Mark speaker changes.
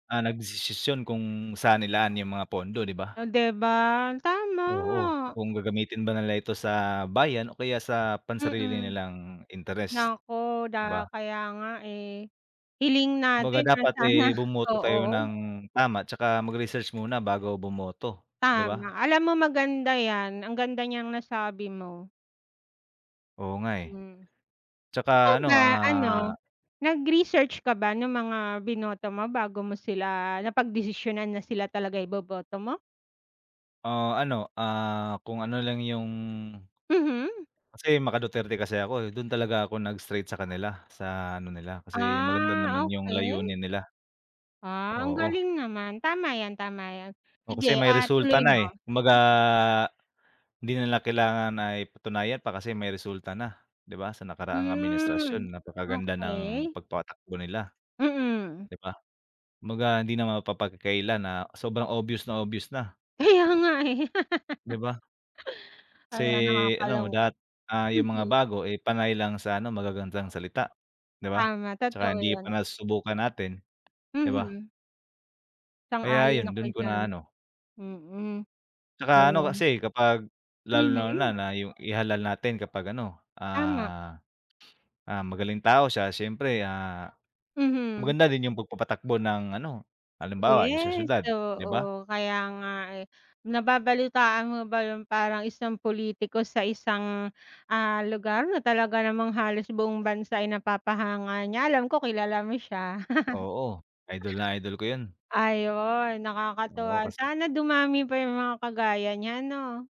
Speaker 1: Ah, nagdesisisyon kung saan ilaan yung mga pondo, 'di
Speaker 2: O
Speaker 1: ba?
Speaker 2: 'di ba,
Speaker 1: Oo,
Speaker 2: tama.
Speaker 1: kung gagamitin ba nila ito sa bayan o kaya sa pansarili
Speaker 2: Mm.
Speaker 1: nilang interest,
Speaker 2: Naku
Speaker 1: 'di ba?
Speaker 2: da kaya nga, eh, hiling
Speaker 1: Kumbaga
Speaker 2: natin na
Speaker 1: dapat,
Speaker 2: sana,
Speaker 1: eh, bumoto tayo
Speaker 2: oo.
Speaker 1: ng tama 'tsaka magresearch muna bago bumoto, 'di
Speaker 2: Tama,
Speaker 1: ba?
Speaker 2: alam mo maganda 'yan, ang ganda niyang nasabi mo.
Speaker 1: Oo nga eh,
Speaker 2: Hmm,
Speaker 1: 'tsaka
Speaker 2: ikaw
Speaker 1: ano
Speaker 2: ba
Speaker 1: ah
Speaker 2: ano, nag-research ka ba nung mga binoto mo bago mo sila napagdesisyonan na sila talaga iboboto mo?
Speaker 1: O ano ah, kung ano lang yung
Speaker 2: Mhm.
Speaker 1: Kasi maka-Duterte kasi ako dun talaga ako nag-straight sa kanila sa ano nila, kasi maganda
Speaker 2: Ah,
Speaker 1: naman yung
Speaker 2: okey.
Speaker 1: layunin nila.
Speaker 2: Ah, ang
Speaker 1: Oo.
Speaker 2: galing naman, tama 'yan, tama 'yan,
Speaker 1: O kasi
Speaker 2: sige,
Speaker 1: may
Speaker 2: ah,
Speaker 1: resulta
Speaker 2: tuloy
Speaker 1: na, eh,
Speaker 2: mo.
Speaker 1: kumbaga, hindi nila kailangan na patunayan pa kasi may resulta na, 'di ba ,sa nakaraang
Speaker 2: Hmm,
Speaker 1: administrasyon napakaganda ng
Speaker 2: okey.
Speaker 1: pagpatakbo nila,
Speaker 2: Mm.
Speaker 1: 'di ba? Kumbaga hindi naman mapapagkaila na sobrang obvious na obvious na.
Speaker 2: Kaya nga, eh.
Speaker 1: 'Di ba?
Speaker 2: Kaya
Speaker 1: Kasi ano
Speaker 2: nakakalung
Speaker 1: dapat, ah, yung mga
Speaker 2: mhm.
Speaker 1: bago, eh, panay lang sa ano magagandang salita, 'di ba?
Speaker 2: Tama,
Speaker 1: Tsaka
Speaker 2: totoo
Speaker 1: hindi pa
Speaker 2: 'yon.
Speaker 1: nasusubukan natin, 'di ba?
Speaker 2: Mhm.
Speaker 1: Kaya
Speaker 2: Sang-ayon
Speaker 1: 'yon
Speaker 2: ako
Speaker 1: do'n ko na
Speaker 2: diyan,
Speaker 1: ano.
Speaker 2: mm,
Speaker 1: Tsaka ano,
Speaker 2: ayun.
Speaker 1: kasi kapag
Speaker 2: Mhm.
Speaker 1: lalong-lalo na yung ihalal natin kapag ano,
Speaker 2: Tama.
Speaker 1: ah, ah, magaling tao siya siyempre, ah,
Speaker 2: Mhm.
Speaker 1: maganda din yung pagpapatakbo ng ano, halimbawa yung sa
Speaker 2: Yes,
Speaker 1: siyudad, 'di ba?
Speaker 2: oo kaya nga, eh. Nababalitaan mo ba yung parang isang pulitiko sa isang, ah, lugar na talaga namang halos buong bansa ay napapahanga niya alam ko kilala mo siya.
Speaker 1: Oo, idol na idol ko 'yon.
Speaker 2: Ayun,
Speaker 1: Oo
Speaker 2: nakakatuwa
Speaker 1: kasi
Speaker 2: sana dumami pa yung mga kagaya niya, 'no?